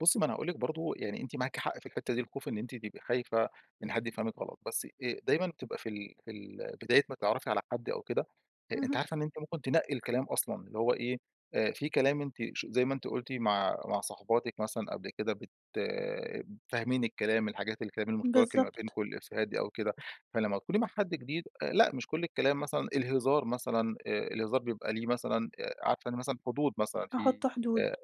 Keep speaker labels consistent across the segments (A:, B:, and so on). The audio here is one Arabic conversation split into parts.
A: بُصي، ما أنا هأقول لِك برضه يعني أنتِ معاكِ حق في الحتَّة دي، الخوف إن أنتِ تبقى خايفة إن حد يفهمِك غلط، بس آآ دايمًا تبقى في ال في ال بداية ما تتعرفي على حد أو كده، أ أنتِ
B: اهم.
A: عارفة إن أنتِ ممكن تنقِّي الكلام أصلًا، اللي هو إيه، آآ في كلام أنت ش زي ما أنتِ قلتِ مع مع صحباتك مثلًا قبل كده بت آآ، فاهمين الكلام الحاجات الكلام المشترك اللي ما
B: بالضبط.
A: بينكم الإفيهات دي أو كده، فلما تكوني مع حد جديد لأ، مش كل الكلام مثلًا الهزار مثلًا الهزار بيبقى ليه مثلًا آآ عارفة يعني مثلًا حدود مثلًا في
B: أحط حدود.
A: آآ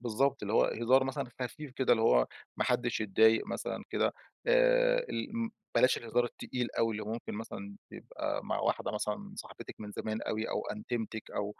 A: بالضبط اللي هو هزار مثلًا خفيف كده اللي هو ما حدش يتضايق مثلًا كده آآ، ال ام بلاش الهزار التقيل أوي اللي ممكن مثلًا يبقى مع واحدة مثلًا صاحبتك من زمان أوي أو أنتيمتك أو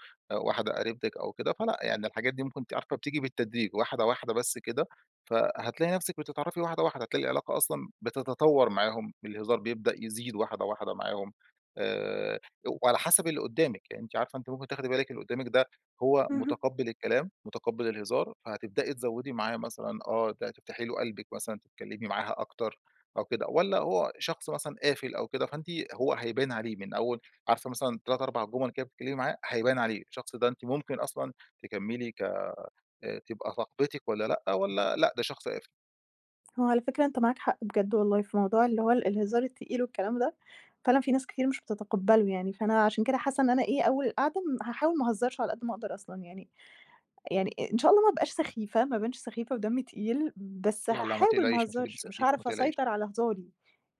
A: واحدة قريبتك أو كده، فلأ يعني الحاجات دي ممكن أنتِ عارفة بتيجي بالتدريج واحدة واحدة بس كده، فهتلاقي نفسك بتتعرفي واحدة واحدة هتلاقي العلاقة أصلًا بتتطور معاهم، الهزار بيبدأ يزيد واحدة واحدة معاهم آآ، وعلى حسب اللي قدّامك يعني أنتِ عارفة أنتِ ممكن تاخدي بالك اللي قدّامك ده هو
B: اهم.
A: متقبِّل الكلام، متقبِّل الهزار، فهتبدئي تزوِّدي معاه مثلًا، آه أنتِ هتفتحي له قلبك مثلًا، تتكلِّمي معاها أكتر أو كده، والَّا هو شخص مثلًا قافل أو كده، فأنتِ هو هيبان عليه من أوِّل عارفة مثلًا 3، 4 جُمل بتتكلمي معاه هيبان عليه، الشخص ده أنتِ ممكن أصلًا تكمّلي ك آآ تبقى صاحبتِك والَّا لأ، والَّا لأ، ده شخص قافل.
B: هو على فكرة أنت معاك حق بجد والله في موضوع اللي هو الهزار التقيل والكلام ده فعلًا في ناس كتير مش بتتقبّله يعني، فأنا عشان كده حاسَّة إن أنا إيه أوِّل القعدة ام هاحاول ما اهزرش على قد ما أقدر أصلًا يعني يعني إن شاء الله ما ابقاش سخيفة ما ابانش سخيفة ودمي تقيل، بس
A: لا لا، ما
B: هاحاول ما
A: تقلقيش، مش هتبقي
B: اهزرش مش
A: سخيفة، ما
B: هاعرف
A: تقلقيش.
B: اسيطر على هزاري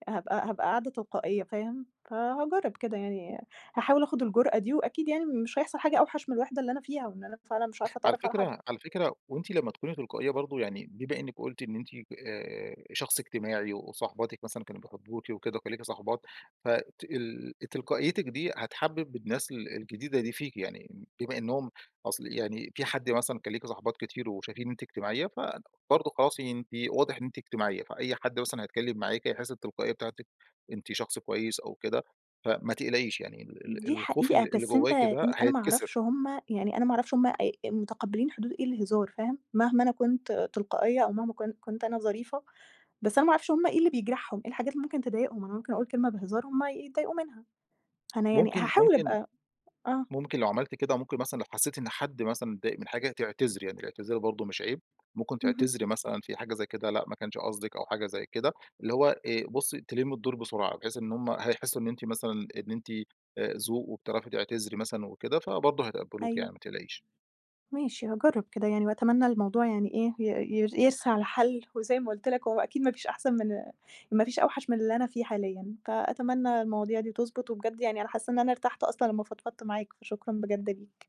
B: هابقى هابقى قاعدة تلقائية فاهم، فهاجرب كده يعني، هاحاول آخد الجرأة دي، وأكيد يعني مش هيحصل حاجة أوحش من الوحدة اللي أنا فيها، وإن أنا فعلًا مش عارفة
A: على
B: أتعرّف على حد.
A: فكرة على فكرة وأنتِ لمَّا تكوني تلقائية برضه يعني بما إنِّك قلتِ إن أنتِ آآ، شخص اجتماعي وصاحباتك مثلًا كانوا بيحبوكِي وكده، وكان ليكِ صاحبات، ف تال تلقائيتك دي، هتحبّب الناس ال الجديدة دي فيكِ، يعني بما إنِّهم أصل يعني في حد مثلًا كان ليكِ صاحبات كتير وشايفين ان أنتِ اجتماعيَّة فبرضه خلاص أنتِ واضح إن أنتِ اجتماعيّة، فأي حد مثلًا هيتكلم معاكِ هيحس بالتلقائية بتاعتك، أنتِ شخص كويس أو كده فما تقلقيش، يعني ال
B: دي
A: ال الخوف اللي
B: حقيقة،
A: اللي
B: بس أنت
A: جوّاكِ ده
B: أنا ما
A: هيتكسر.
B: أعرفش هم يعني أنا ما أعرفش هم آآ آآ متقبلين حدود إيه الهزار فاهم، مهما أنا كنت تلقائية أو مهما كن كنت أنا ظريفة بس أنا ما أعرفش هم إيه اللي بيجرحهم، إيه الحاجات اللي ممكن تضايقهم، أنا ممكن أقول كلمة بهزار همّ ي يتضايقوا منها، أنا يعني
A: ممكن
B: هاحاول
A: ممكن
B: أبقى آه.
A: ممكن لو عملتِ كده ممكن مثلًا لو حسّيتِ إن حد مثلًا اتضايق من حاجة تعتذري، يعني الاعتذار برضه مش عيب، ممكن
B: اهم.
A: تعتذري مثلًا في حاجة زي كده لأ ما كانش قصدِك أو حاجة زي كده، اللي هو آآ، بُصي تلمّي الدور بسرعة بحيث إن هم هيحسوا إن أنتِ مثلًا إن أنتِ آآ ذوق، وبتعرفي تعتذري مثلًا وكده فبرضه هيتقبلوكي
B: أيوه.
A: يعني ما تقلقيش.
B: ماشي هاجرَّب كده يعني، وأتمنى الموضوع يعني إيه ي ي يرسى على حل، وزي ما قلت لك هو أكيد ما فيش أحسن من ما فيش أوحش من اللي أنا فيه حاليًا، فأتمنى المواضيع دي تضبط وبجد يعني أنا حاسَّة إن أنا ارتحت أصلًا لمَّا فضفضت معاك، فشكرًا بجد ليك.